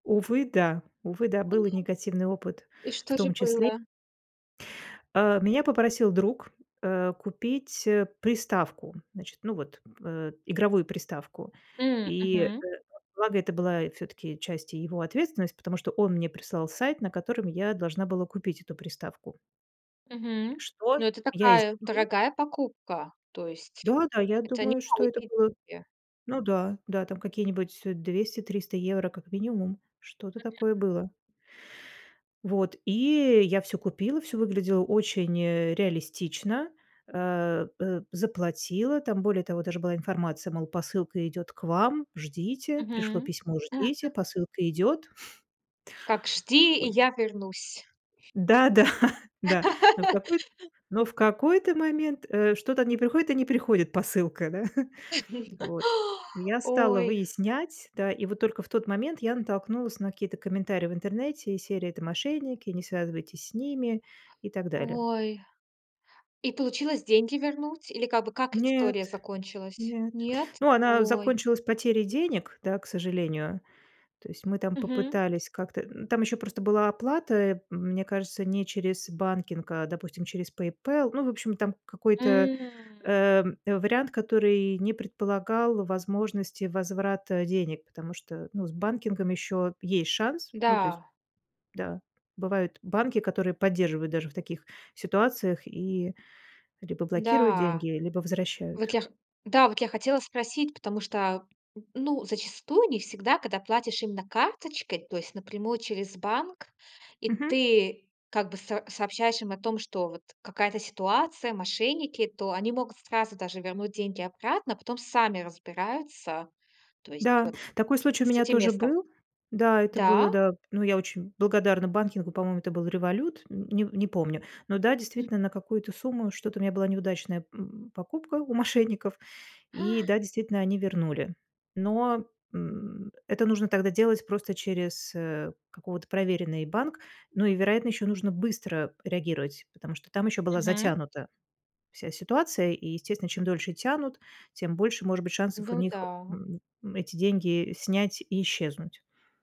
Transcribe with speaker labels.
Speaker 1: Увы, да увы, да,
Speaker 2: А!
Speaker 1: был и негативный опыт
Speaker 2: И
Speaker 1: в
Speaker 2: что же
Speaker 1: том числе.
Speaker 2: было?
Speaker 1: Э, меня попросил друг, э, купить, э, приставку, значит, ну, вот, э, игровую приставку,
Speaker 2: М,
Speaker 1: и
Speaker 2: мгм.
Speaker 1: благо это была всё-таки часть и его ответственности, потому что он мне прислал сайт, на котором я должна была купить эту приставку.
Speaker 2: Мгм.
Speaker 1: Что
Speaker 2: Ну, это
Speaker 1: я и
Speaker 2: такая,
Speaker 1: сделала.
Speaker 2: дорогая покупка. То есть
Speaker 1: Да, да, я
Speaker 2: это не
Speaker 1: думаю, что это
Speaker 2: маленькие
Speaker 1: было.
Speaker 2: деньги.
Speaker 1: Ну да, да там какие-нибудь 200-300 евро как минимум, что-то такое
Speaker 2: Мгм.
Speaker 1: было. Вот и я всё купила, все выглядело очень, э, реалистично, Э, э, заплатила, там, более того, даже была информация, мол, посылка идёт к вам, ждите. Пришло
Speaker 2: Мгм.
Speaker 1: письмо, ждите, посылка идёт.
Speaker 2: Как "жди, и
Speaker 1: Ой.
Speaker 2: я вернусь".
Speaker 1: Да-да, да, но в какой но в какой-то момент, э, что-то не приходит и не приходит посылка, да. Вот. Я стала
Speaker 2: Ой.
Speaker 1: выяснять. Да, и вот только в тот момент я натолкнулась на какие-то комментарии в интернете из серии "это мошенники", "не связывайтесь с ними" и так далее.
Speaker 2: Ой, и получилось деньги вернуть или как бы как
Speaker 1: Нет,
Speaker 2: история закончилась?
Speaker 1: нет,
Speaker 2: Нет?
Speaker 1: ну, она
Speaker 2: Ой.
Speaker 1: закончилась потерей денег, да, к сожалению. То есть мы там
Speaker 2: Мгм.
Speaker 1: попытались как-то м, там просто еще была оплата, мне кажется, не через банкинг, а, допустим, через "Пейпэл", в общем там какой-то,
Speaker 2: М.
Speaker 1: эм, вариант который не предполагал возможности возврата денег, потому что, ну, с банкингом еще есть шанс, ну, то есть,
Speaker 2: Да.
Speaker 1: да, бывают банки, которые поддерживают даже в таких ситуациях и либо блокируют
Speaker 2: Да.
Speaker 1: деньги, либо возвращают.
Speaker 2: Вот я х да, вот я хотела спросить, потому что, ну, зачастую не всегда, когда платишь именно карточкой, то есть напрямую через банк, и
Speaker 1: Мгм.
Speaker 2: ты как бы с сообщаешь им о том, что вот какая-то ситуация, мошенники, то они могут сразу даже вернуть деньги обратно, потом сами разбираются. То есть
Speaker 1: Да,
Speaker 2: вот
Speaker 1: такой случай у
Speaker 2: с
Speaker 1: меня
Speaker 2: этим
Speaker 1: тоже
Speaker 2: местом.
Speaker 1: был. Да, это
Speaker 2: Да?
Speaker 1: было, да. Ну, я очень благодарна банкингу, по-моему, это был "Револют", нь не не помню. Но да,
Speaker 2: М.
Speaker 1: действительно, на какую-то сумму. Что-то у меня была неудачная, м, покупка у мошенников, и
Speaker 2: А!
Speaker 1: да, действительно, они вернули. Но, м, это нужно тогда делать просто через, э, какого-то проверенный банк. Ну и, вероятно, ещё нужно быстро реагировать, потому что там ещё была
Speaker 2: Мгм.
Speaker 1: затянута вся ситуация. И, естественно, чем дольше тянут, тем больше может быть шансов у
Speaker 2: Ну
Speaker 1: них,
Speaker 2: да.
Speaker 1: м, ну, эти деньги снять и исчезнуть.